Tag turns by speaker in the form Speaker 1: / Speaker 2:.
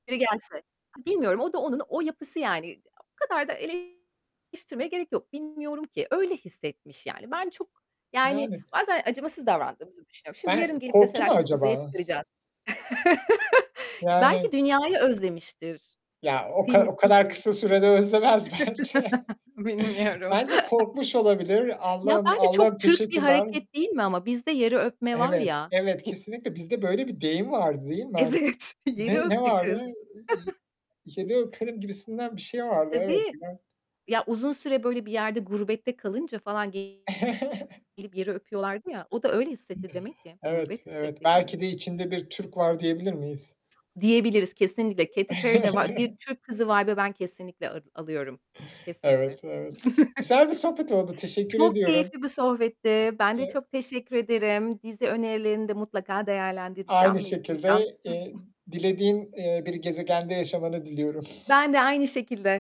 Speaker 1: Biri gelse. İ bilmiyorum o da onun, o yapısı yani. İ o kadar da eleştirmeye gerek yok. Bilmiyorum ki. Öyle hissetmiş yani. Ben çok yani
Speaker 2: Yani
Speaker 1: bazen acımasız davrandığımızı düşünüyorum. Şimdi yarın
Speaker 2: Hani
Speaker 1: gelip
Speaker 2: korktu
Speaker 1: deseler
Speaker 2: mu
Speaker 1: "Seni uzaya
Speaker 2: acaba?
Speaker 1: çıkaracağız." Belki
Speaker 2: Yani
Speaker 1: dünyayı özlemiştir,
Speaker 2: Ya, o ka o
Speaker 1: kıymetini
Speaker 2: kadar kısa
Speaker 1: bilmiştir.
Speaker 2: sürede özlemez bence.
Speaker 1: Bilmiyorum.
Speaker 2: Bence korkmuş olabilir.
Speaker 1: Ya,
Speaker 2: "Allah'ım,
Speaker 1: bence
Speaker 2: Allah'ım
Speaker 1: çok Türk bir
Speaker 2: teşekkürler."
Speaker 1: hareket değil mi ama? Bizde yeri öpme var
Speaker 2: Evet,
Speaker 1: ya,
Speaker 2: evet,
Speaker 1: bu
Speaker 2: kesinlikle. Bizde böyle bir deyim vardı, değil mi? Hani,
Speaker 1: Evet,
Speaker 2: ne
Speaker 1: yeri
Speaker 2: ne
Speaker 1: öptü
Speaker 2: vardı?
Speaker 1: kız.
Speaker 2: Iıı, iii, yeri öperim, gibisinden bir şey vardı. Evet,
Speaker 1: Tabii.
Speaker 2: filan.
Speaker 1: Ya, uzun süre böyle bir yerde gurbette kalınca falan gelip yeri öpüyorlardı ya, o da öyle hissetti demek ki.
Speaker 2: Evet,
Speaker 1: Gurbet
Speaker 2: evet.
Speaker 1: hissetti yani.
Speaker 2: Belki de içinde bir Türk var diyebilir miyiz?
Speaker 1: Diyebiliriz, kesinlikle. Katy Perry'de va bir Türk kızı vibe'ı ben kesinlikle al alıyorum. Kesinlikle.
Speaker 2: Evet, evet. Güzel bir sohbet oldu. Teşekkür
Speaker 1: Çok
Speaker 2: ediyorum.
Speaker 1: keyifli bir sohbetti. Ben de
Speaker 2: [unintelligible]
Speaker 1: çok teşekkür ederim. Dizi önerilerini de mutlaka
Speaker 2: Aynı
Speaker 1: değerlendireceğim ve izleyeceğim.
Speaker 2: şekilde, eee, dilediğin, eee, bir gezegende yaşamanı diliyorum.
Speaker 1: Ben de aynı şekilde.